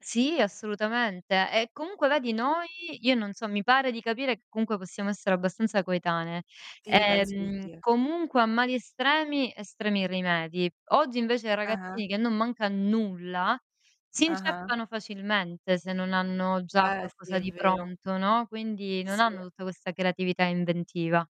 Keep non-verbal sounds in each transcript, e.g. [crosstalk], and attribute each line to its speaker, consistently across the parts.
Speaker 1: Sì, assolutamente, e comunque vedi noi, io non so mi pare di capire che comunque possiamo essere abbastanza coetanee.
Speaker 2: Sì, penso di
Speaker 1: Ehm,
Speaker 2: sì.
Speaker 1: comunque a mali estremi, estremi rimedi. Oggi invece i
Speaker 2: Ah-ah.
Speaker 1: ragazzini, che non manca nulla, si
Speaker 2: Ah-ah.
Speaker 1: inceppano facilmente se non hanno già
Speaker 2: Eh, sì
Speaker 1: qualcosa
Speaker 2: è
Speaker 1: di
Speaker 2: vero.
Speaker 1: pronto, no. Quindi non
Speaker 2: Sì,
Speaker 1: hanno
Speaker 2: sì.
Speaker 1: tutta questa creatività e inventiva.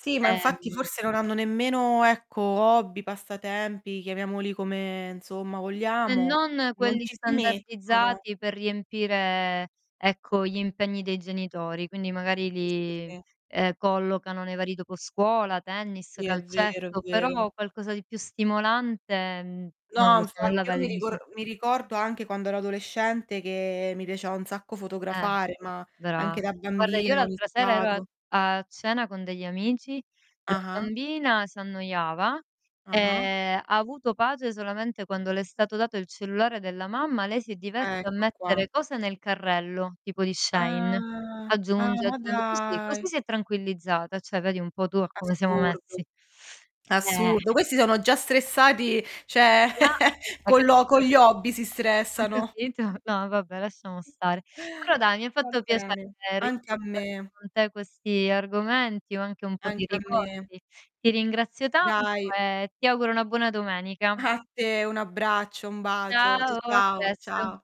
Speaker 2: Sì, ma infatti
Speaker 1: Ehm
Speaker 2: forse non hanno nemmeno ,ecco, hobby, passatempi, chiamiamoli come, insomma,
Speaker 1: E
Speaker 2: vogliamo.
Speaker 1: non
Speaker 2: Non
Speaker 1: quelli
Speaker 2: ci si mettono.
Speaker 1: standardizzati per riempire, ecco, gli impegni dei genitori, quindi magari
Speaker 2: S sì,
Speaker 1: li,
Speaker 2: sì.
Speaker 1: ehm, collocano nei vari dopo scuola, tennis,
Speaker 2: Sì, è vero, è
Speaker 1: calcetto,
Speaker 2: vero.
Speaker 1: però qualcosa di più stimolante, mhmm, non
Speaker 2: No,
Speaker 1: lo so non la
Speaker 2: infatti, io
Speaker 1: vedo
Speaker 2: mi rico
Speaker 1: così
Speaker 2: mi ricordo anche quando ero adolescente che mi piaceva un sacco
Speaker 1: Eh,
Speaker 2: fotografare, ma
Speaker 1: brava.
Speaker 2: anche da
Speaker 1: Guarda, io
Speaker 2: bambina ho
Speaker 1: l'altra sera ero a
Speaker 2: iniziato.
Speaker 1: a cena con degli amici, la
Speaker 2: Ah-ah.
Speaker 1: bambina s'annoiava e
Speaker 2: Ah-ah.
Speaker 1: ha avuto pace solamente quando le è stato dato il cellulare della mamma, lei si diverte a
Speaker 2: Ecco qua.
Speaker 1: mettere cose nel carrello, tipo di Shein.
Speaker 2: Ah. Ah,
Speaker 1: Aggiunge,
Speaker 2: ma
Speaker 1: aggiun così,
Speaker 2: dai.
Speaker 1: così si è tranquillizzata, cioè vedi un po' tu a come siamo
Speaker 2: Assurdo.
Speaker 1: messi. [sucks teeth] Eh.
Speaker 2: Assurdo. Questi sono già stressati, cioè
Speaker 1: Ah,
Speaker 2: [chuckles]
Speaker 1: hai
Speaker 2: con lo con
Speaker 1: capito?
Speaker 2: gli hobby si
Speaker 1: Hai
Speaker 2: stressano.
Speaker 1: capito?
Speaker 2: [chuckles]
Speaker 1: No, vabbè lasciamo stare. Però dai mi ha
Speaker 2: Va
Speaker 1: fatto piacere
Speaker 2: bene, anche a
Speaker 1: rispondere
Speaker 2: me.
Speaker 1: con te a questi argomenti o anche un po' di
Speaker 2: Anche a me.
Speaker 1: ricordi. Ti ringrazio tanto
Speaker 2: Dai.
Speaker 1: e ti auguro una buona domenica.
Speaker 2: A te, un abbraccio, un bacio. C
Speaker 1: Ciao, a
Speaker 2: ciao.
Speaker 1: presto.
Speaker 2: Ciao.